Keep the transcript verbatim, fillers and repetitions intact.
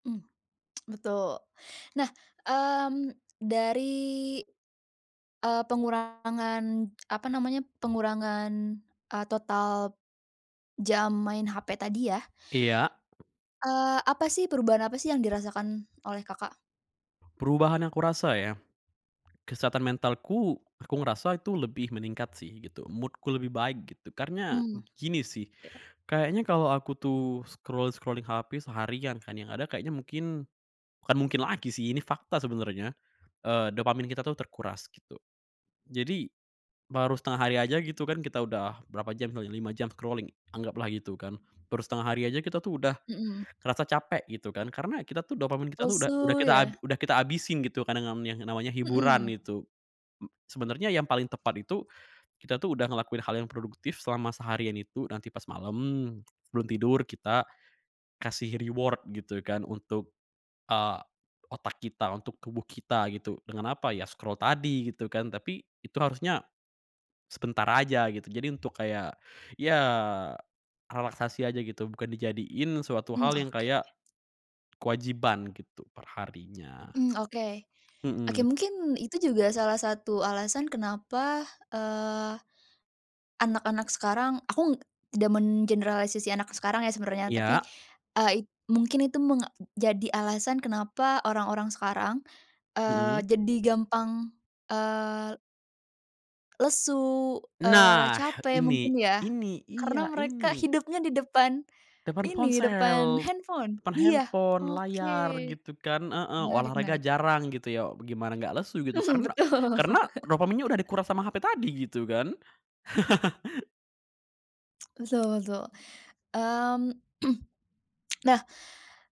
Mmm. Betul, nah, mmm, dari, eee, pengurangan apa namanya, pengurangan e total jam main HP tadi ya Iya. eee, apa sih, perubahan apa sih yang dirasakan oleh Kakak? Perubahan aku rasa ya, kesehatan mentalku, aku ngerasa itu lebih meningkat sih gitu, mood-ku lebih baik gitu, karena Hmm. gini sih, Iya. kayaknya kalau aku tuh scroll-scrolling HP seharian kan, yang ada kayaknya mungkin bukan mungkin lagi sih, ini fakta sebenarnya, eee, dopamin kita tuh terkuras gitu. Jadi, baru setengah hari aja gitu kan kita udah berapa jam kali ya, lima jam scrolling anggaplah gitu kan. Baru setengah hari aja kita tuh udah Mhm. ngerasa capek gitu kan, karena kita tuh dopamin kita udah Lesu ya? kita udah kita habisin gitu kadang-kadang yang namanya hiburan Mhm. itu. Mmm, sebenarnya yang paling tepat itu, kita tuh udah ngelakuin hal yang produktif selama seharian itu, nanti pas malem sebelum tidur kita kasih reward gitu kan untuk, eee, otak kita, untuk tubuh kita gitu. Dengan apa? Ya scroll tadi gitu kan, tapi itu harusnya sebentar aja gitu. Jadi untuk kayak, ya relaksasi aja gitu bukan dijadiin suatu Mmm, hal yang kayak oke. kewajiban gitu per harinya. Mmm, oke. Oke, Mhm. mungkin itu juga salah satu alasan kenapa, eee, anak-anak sekarang aku tidak mengeneralisasi anak sekarang ya sebenarnya, tapi, Iya. eee, mungkin itu menjadi alasan kenapa orang-orang sekarang, Mhm. eee, jadi gampang, eee lesu, eee, Nah capek ini mungkin ya, ini, karena iya, mereka ini! hidupnya di depan Depan ini, depan ponsel, handphone, depan iya, handphone, oke. layar, gitu kan heeh, Menarik olahraga menarik. jarang gitu ya, gimana gak lesu gitu, Mhm, karena betul. karena dopaminnya udah dikuras sama HP tadi gitu kan. Betul betul. Mmm. Nah